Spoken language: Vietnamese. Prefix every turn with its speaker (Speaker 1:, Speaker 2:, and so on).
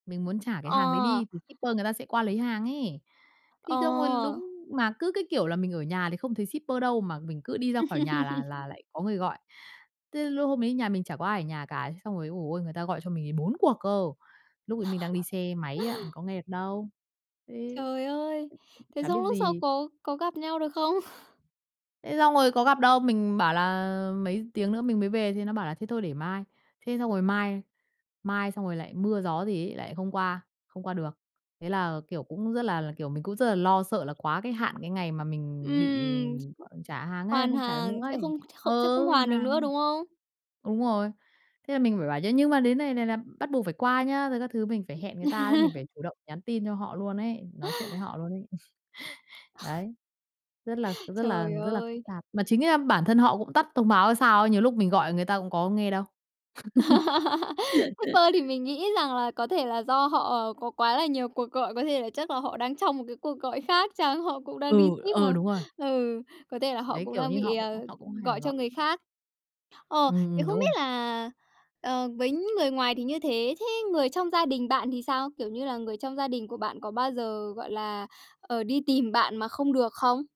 Speaker 1: Mình muốn trả cái hàng đấy
Speaker 2: Ờ.
Speaker 1: đi thì shipper người ta sẽ qua lấy hàng ấy. Thì xong rồi
Speaker 2: Ờ.
Speaker 1: đúng mà cứ cái kiểu là mình ở nhà thì không thấy shipper đâu mà mình cứ đi ra khỏi nhà là là lại có người gọi. Thế lúc hôm đấy nhà mình chả có ai ở nhà cả, thế xong rồi, ôi giời ôi, người ta gọi cho mình ấy 4 cuộc cơ, lúc ấy mình đang đi xe máy á, mình có nghe được đâu. Ừ.
Speaker 2: Trời ơi! Thế
Speaker 1: Chả biết
Speaker 2: xong lúc sau
Speaker 1: gì!
Speaker 2: có có gặp nhau được không?
Speaker 1: Thế xong rồi có gặp đâu, mình bảo là mấy tiếng nữa mình mới về thì nó bảo là thế thôi để mai, thế xong rồi mai, mai xong rồi lại mưa gió gì ấy lại không qua không qua được. Thế là, kiểu, cũng rất là, kiểu, mình cũng rất là lo sợ là quá cái hạn cái ngày mà mình bị
Speaker 2: Ừm,
Speaker 1: gọi trả hàng ấy,
Speaker 2: hoàn
Speaker 1: không trả được nữa
Speaker 2: hàng sẽ
Speaker 1: ấy
Speaker 2: không không sẽ không
Speaker 1: ừ, hoàn
Speaker 2: hoàn được nữa,
Speaker 1: hàng.
Speaker 2: đúng không?
Speaker 1: Đúng rồi. Thế là mình phải bảo chứ nhưng mà đến này này là bắt buộc phải qua nhá, rồi các thứ mình phải hẹn người ta đấy, mình phải chủ động nhắn tin cho họ luôn ấy, nói chuyện với họ luôn ấy. Đấy, rất là rất là
Speaker 2: Trời
Speaker 1: rất là phức
Speaker 2: ơi!
Speaker 1: tạp. Mà chính ra bản thân họ cũng tắt thông báo hay sao ấy, nhiều lúc mình gọi người ta cũng có nghe đâu.
Speaker 2: Shipper thì mình nghĩ rằng là có thể là do họ có quá là nhiều cuộc gọi, có thể là chắc là họ đang trong một cái cuộc gọi khác chăng, họ cũng đang đi
Speaker 1: Ừ,
Speaker 2: ship
Speaker 1: ờ,
Speaker 2: mà,
Speaker 1: đúng rồi.
Speaker 2: ừ, có thể là họ
Speaker 1: Đấy,
Speaker 2: cũng
Speaker 1: kiểu
Speaker 2: đang
Speaker 1: như
Speaker 2: bị,
Speaker 1: họ cũng
Speaker 2: à,
Speaker 1: họ cũng hay phải
Speaker 2: gọi cho
Speaker 1: gọi.
Speaker 2: người khác. Ờ,
Speaker 1: Ừm,
Speaker 2: thế
Speaker 1: ừm,
Speaker 2: không
Speaker 1: đúng
Speaker 2: biết
Speaker 1: rồi.
Speaker 2: là ờ với người ngoài thì như thế, thế người trong gia đình bạn thì sao? Kiểu như là người trong gia đình của bạn có bao giờ, gọi là, ờ, đi tìm bạn mà không được không?